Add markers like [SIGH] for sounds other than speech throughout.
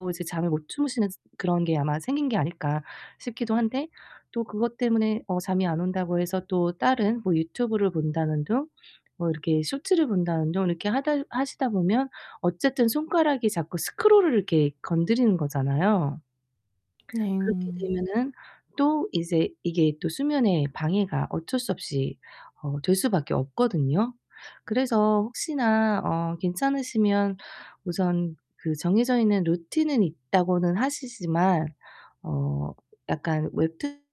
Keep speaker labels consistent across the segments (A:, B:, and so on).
A: 뭐 이제 잠을 못 주무시는 그런 게 아마 생긴 게 아닐까 싶기도 한데 또 그것 때문에 어 잠이 안 온다고 해서 또 다른 뭐 유튜브를 본다는 둥 뭐 이렇게 쇼츠를 본다는 둥 이렇게 하다 하시다 보면 어쨌든 손가락이 자꾸 스크롤을 이렇게 건드리는 거잖아요. 그렇게
B: 네.
A: 되면은 또 이제 이게 또 수면에 방해가 어쩔 수 없이 어 될 수밖에 없거든요. 그래서 혹시나 어 괜찮으시면 우선 그 정해져 있는 루틴은 있다고는 하시지만 어 약간 웹툰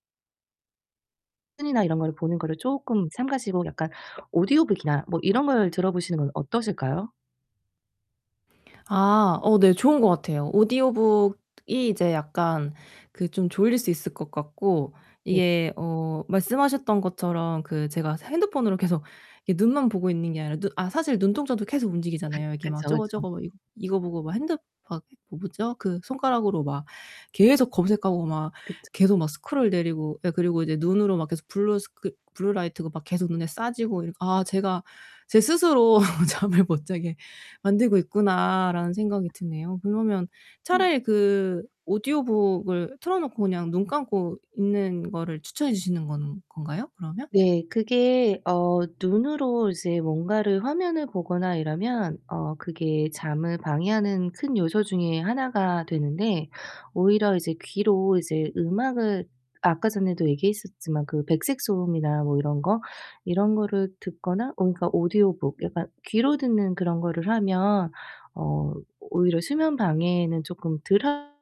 A: 툰이나 이런 거를 보는 거를 쪼끔 삼가시고 약간 오디오북이나 뭐 이런 걸 들어 보시는 건 어떠실까요?
B: 아 어 네 좋은 것 같아요. 오디오북이 이제 약간 그 좀 졸릴 수 있을 것 같고
A: 네.
B: 이게 어 말씀하셨던 것처럼 그 제가 새 핸드폰으로 계속 이게 눈만 보고 있는 게 아니라 눈 아 사실 눈동자도 계속 움직이잖아요.
A: [LAUGHS]
B: 이렇게 막
A: 그쵸,
B: 저거,
A: 그쵸.
B: 저거 뭐 이거 이거 보고 막 핸드 막 뭐 뭐죠? 그 손가락으로 막 계속 검색하고 막
A: 그쵸.
B: 계속 막 스크롤 내리고 예 그리고 이제 눈으로 막 계속 블루스크이 블루라이트가 막 계속 눈에 쏴지고 이렇 '아 제가 제 스스로 [LAUGHS] 잠을 못 자게 만들고 있구나.'라는 생각이 드네요. 그러면
A: 음.
B: 차라리 그 오디오북을 틀어 놓고 그냥 눈 감고 있는 거를 추천해 주시는 건 건가요 그러면?
A: 네 그게 어 눈으로 이제 뭔가를 화면을 보거나 이러면 어 그게 잠을 방해하는 큰 요소 중에 하나가 되는데 오히려 이제 귀로 이제 음악을 아까 전에도 얘기했었지만 그 백색 소음이나 뭐 이런 거, 이런 거를 듣거나 오 그러니까 오디오북 약간 귀로 듣는 그런 거를 하면 어 오히려 수면 방해에는 쪼끔 덜 한